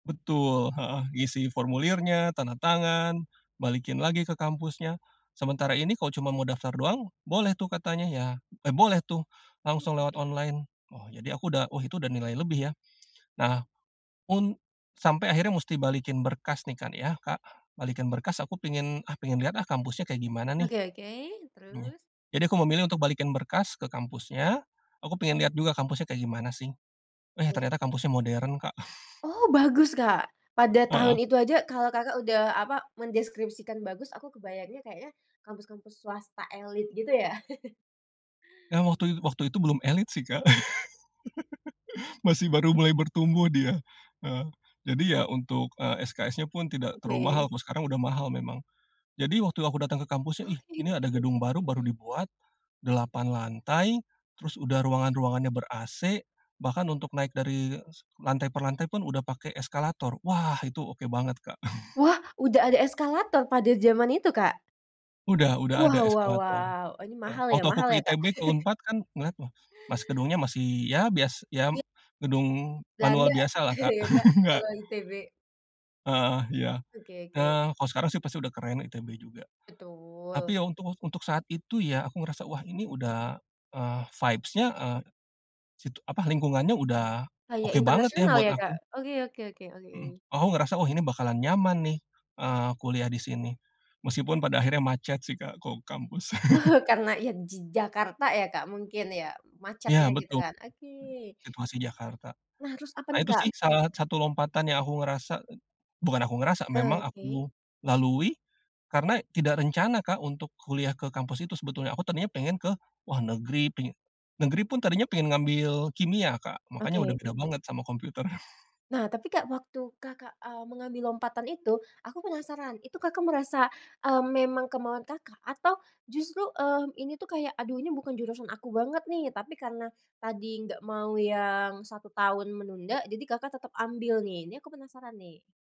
Betul heeh, isi formulirnya, tanda tangan, balikin lagi ke kampusnya, sementara ini kok cuma mau daftar doang, boleh tuh katanya, ya, e boleh tuh, langsung [unintelligible] lewat Oke. online. Oh, jadi aku udah oh itu udah nilai lebih ya. Nah, un sampai akhirnya musti balikin berkas nih kan ya, Kak, balikin berkas aku pengen, "Ah, pengen lihat ah, kampusnya kayak gimana nih?" Oke oke, [unintelligible] terus? Jadi aku memilih untuk balikin berkas, ke kampusnya. Aku pengen lihat juga kampusnya kayak gimana sih. Eh, Oke. ternyata kampusnya modern Kak. Oh, bagus Kak? Pada Heeh. tahun itu aja kalau Kakak udah, apa, mendeskripsikan bagus aku kebayangnya kayaknya kampus-kampus swasta elite, gitu ya? Nah, waktu it waktu itu belum elit sih Kak. Masih baru mulai bertumbuh dia. Eh, jadi ya, untuk, eee, SKS-nya pun tidak terlalu mahal, Oke kalau sekarang oke. udah mahal memang. Jadi, waktu aku datang ke kampusnya, Oh. "Ih, ini ada [unintelligible] gedung baru, baru Mmm. dibuat," 8 lantai, terus udah ruangan-ruangannya ber-ac, bahkan untuk naik dari, se lantai per lantai pun, udah pakai eskalator. Wah, itu oke banget Kak. Wah, udah ada eskalator pada jaman itu Kak? Udah udah ada Wow wow eskalator. wow, ini Heeh, mahal ya waktu aku mahal ke ya Kak? ITB, ke Unpad kan ngeliat, wah mas gedungnya masih ya bias ya, Iya. gedung Belanda, manual biasalah Kak, iya Kak, enggak. kalau ITB? Heeh, iya. Oke oke. Nah, kalau sekarang sih pasti udah keren ITB juga. Betul. Tapi ya, untuk untuk saat itu ya, aku ngerasa, "Wah ini udah, eee, vibes-nya, e sit apa, lingkungannya udah, Kayak oke banget ya," internasional buat ya Kak? aku. Oke oke oke oke. Mhm, aku ngerasa, "Oh, ini bakalan nyaman nih, eee, kuliah di sini." Meskipun pada akhirnya macet sih Kak, kalau ke kampus. Karena, ya di Jakarta ya Kak, mungkin ya? Macetnya, Iya gitu betul, [unintelligible] kan. Oke. situasi Jakarta. Nah, terus apa Nah nih itu sih Kak? salah satu lompatan yang aku ngerasa et bukan aku ngerasa, memang Oke. aku lalui karena tidak rencana Kak, untuk kuliah ke kampus itu sebetulnya, aku tadinya pengen ke, wah negeri, peng negeri pun tadinya pengen ngambil kimia Kak, makanya udah Oke, beda mmm. banget sama komputer. Nah tapi Kak, waktu Kakak, mmm, mengambil lompatan itu, aku penasaran, itu Kakak merasa, mmm, memang kemauan Kakak atau justru, eee, ini tuh kayak, "Aduh ini bukan jurusan aku banget nih," tapi karena tadi nggak mau yang, 1 tahun menunda jadi Kakak tetap ambil nih? Ini aku penasaran nih.